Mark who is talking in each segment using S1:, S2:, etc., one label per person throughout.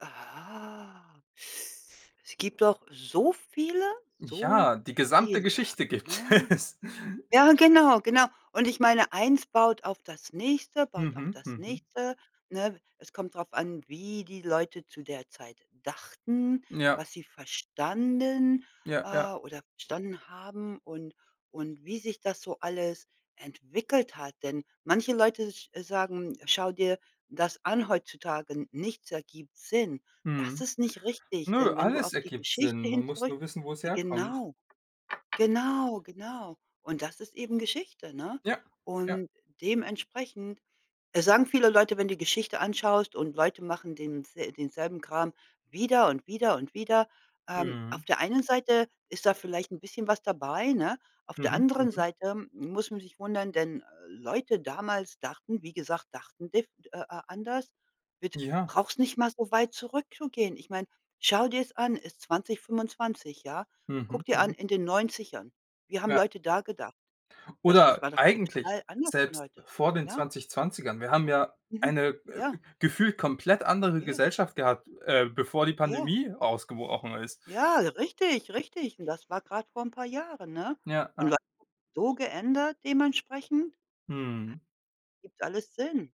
S1: Ah. Es gibt doch so viele, so
S2: Ja, die gesamte
S1: viele,
S2: Geschichte gibt
S1: ne?
S2: es.
S1: Ja, genau, genau. Und ich meine, eins baut auf das nächste, baut auf
S2: Mhm.
S1: das
S2: Mhm.
S1: nächste, ne? Es kommt drauf an, wie die Leute zu der Zeit dachten,
S2: Ja.
S1: was sie verstanden,
S2: Ja. Ja.
S1: äh, oder verstanden haben und und wie sich das so alles entwickelt hat. Denn manche Leute sch sagen: „Schau dir das an heutzutage, n nichts ergibt Sinn.“ Das
S2: Mhm.
S1: ist nicht richtig,
S2: Ne,
S1: denn wenn du
S2: alles
S1: auf die
S2: ergibt
S1: Geschichte
S2: Sinn. Man
S1: hin
S2: muss
S1: zurück
S2: nur wissen, wo es
S1: d
S2: herkommt.
S1: genau. Genau, genau. Und das ist eben Geschichte, ne?
S2: Ja. Ja.
S1: Und dementsprechend, äh, sagen viele Leute, wenn du die Geschichte anschaust, und Leute machen dens denselben Kram wieder und wieder und wieder. Ähm,
S2: Mhm.
S1: auf der einen Seite ist da vielleicht 'n bisschen was dabei, ne? Auf der
S2: Mhm.
S1: anderen
S2: Mhm.
S1: Seite muss man sich wundern, denn Leute damals dachten, wie gesagt, dachten dif äh, äh, anders, mit
S2: Ja.
S1: brauchst nicht mal so weit zurückzugehen. Ich meine, schau dir's an, ist 2025, ja?
S2: Mhm.
S1: Guck dir an,
S2: Mhm.
S1: in den 90ern, wie haben
S2: Ja.
S1: Leute da gedacht? Das es
S2: Oder
S1: war doch
S2: eigentlich
S1: total anders von
S2: selbst
S1: heute,
S2: vor den
S1: ja?
S2: 2020ern wir haben ja
S1: Mhm.
S2: eine, äh,
S1: Ja.
S2: gefühlt komplett andere
S1: Ja.
S2: Gesellschaft gehabt, äh, bevor die
S1: Ja.
S2: Pandemie ausgebrochen ist.
S1: Ja, richtig, richtig. Und das war grad vor 'n paar Jahren, ne?
S2: Ja,
S1: Und
S2: ja.
S1: was so geändert dementsprechend? Das
S2: Mhm.
S1: gibt alles Sinn.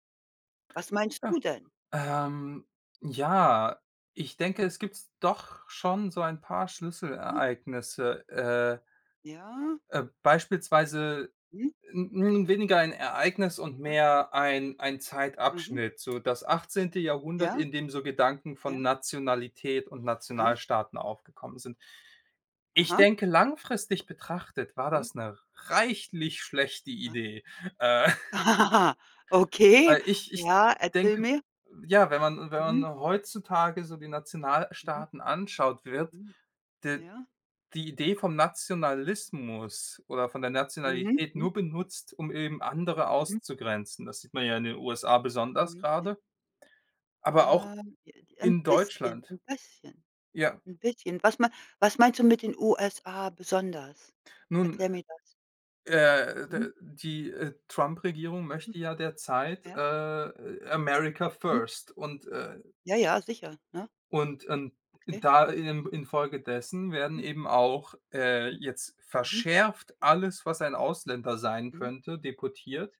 S1: Was meinst
S2: Ja,
S1: du denn?
S2: ähm, ja, ich denke, es
S1: Mhm.
S2: gibt's doch schon so ein paar
S1: Ja.
S2: Schlüsselereignisse, äh
S1: Ja.
S2: äh, beispielsweise
S1: Hm.
S2: 'n 'n weniger ein Ereignis und
S1: Ja.
S2: mehr ein ein
S1: Mhm.
S2: Zeitabschnitt. So das 18. Jahrhundert,
S1: Ja.
S2: in dem so Gedanken
S1: Ja.
S2: von Nationalität und
S1: Aha.
S2: Nationalstaaten aufgekommen sind. Ich
S1: Aha.
S2: denke, langfristig betrachtet war
S1: Mhm.
S2: das 'ne reichlich schlechte
S1: Ah.
S2: Idee, äh
S1: Okay,
S2: weil ich ich
S1: ja, erzähl
S2: denke
S1: mir.
S2: ja, wenn man wenn man
S1: Mhm.
S2: heutzutage so die
S1: Mhm.
S2: Nationalstaaten anschaut, wird
S1: Mhm.
S2: d
S1: Ja.
S2: die Idee vom Nationalismus oder von der
S1: Mhm,
S2: Nationalität
S1: hm.
S2: nur benutzt, um eben andere
S1: Mhm.
S2: auszugrenzen. Das sieht man ja in den USA besonders
S1: Mhm. Ja.
S2: grade aber auch
S1: Ähm, j j 'n
S2: in
S1: bisschen,
S2: Deutschland.
S1: ein bisschen,
S2: Ja.
S1: 'n bisschen. Was mei was meinst du mit den USA besonders?
S2: Nun,
S1: Erkläre mir das.
S2: äh,
S1: Mhm.
S2: d die, äh, Trump-Regierung
S1: Mhm.
S2: möchte ja derzeit,
S1: Ja.
S2: äh, America
S1: Mhm.
S2: First und, äh
S1: Ja, ja, sicher, ne?
S2: und in
S1: Okay.
S2: da in infolgedessen werden
S1: Mhm.
S2: eben auch, äh,
S1: Hm.
S2: jetzt
S1: Mhm.
S2: verschärft
S1: Ja.
S2: alles, was ein Ausländer sein
S1: Mhm.
S2: könnte, deportiert.